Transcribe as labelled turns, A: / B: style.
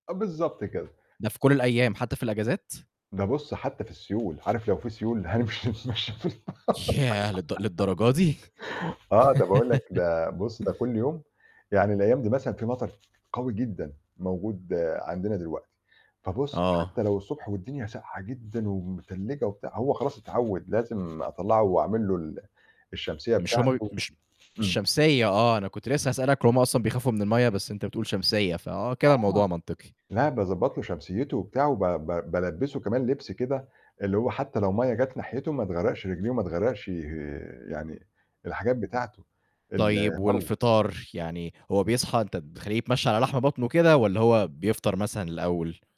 A: آه، بالضبط كده.
B: ده في كل الأيام، حتّى في الأجازات؟
A: ده بُصّ حتّى في السيول، عارف لو في سيول هامشي اتمشى في البحر
B: تش ياه! للد للدرجة دي!
A: آه، ده باقول لك ده بُصّ ده كُلّ يوم، يعني الأيام دي مثلًا في مطر قوي جدًا موجود عندنا دلوقتي، فبُصّ
B: آه.
A: حتى لو الصبح والدنيا ساقعة جدًا ومتلّجة وبتاع، هو خلاص اتعوّد، لازم أطلّعه وأعمل له ال الشمسيّة
B: مش هُم بي
A: بتاعته
B: مش
A: امم.
B: شمسيّة آه، أنا كنت لسه هاسألك إن هُم أصلًا بيخافوا من المَيّة، بس أنت بتقول شمسيّة، فآه كده
A: آه.
B: الموضوع منطقي.
A: لا، باضبّط له شمسيّته وبتاع، وب ب بالبّسه كمان لبس كده، اللي هو حتّى لو مَيّة جات ناحيته ما تغرّقش رِجليه، وما تغرّقش ي يعني الحاجات بتاعته،
B: طيّب
A: الفرو.
B: والفطار؟ يعني هو بيصحى أنت بتخلّيه يتمشّى على لحم بطنه كده، والّا هو بيفطر مثلًا الأوّل؟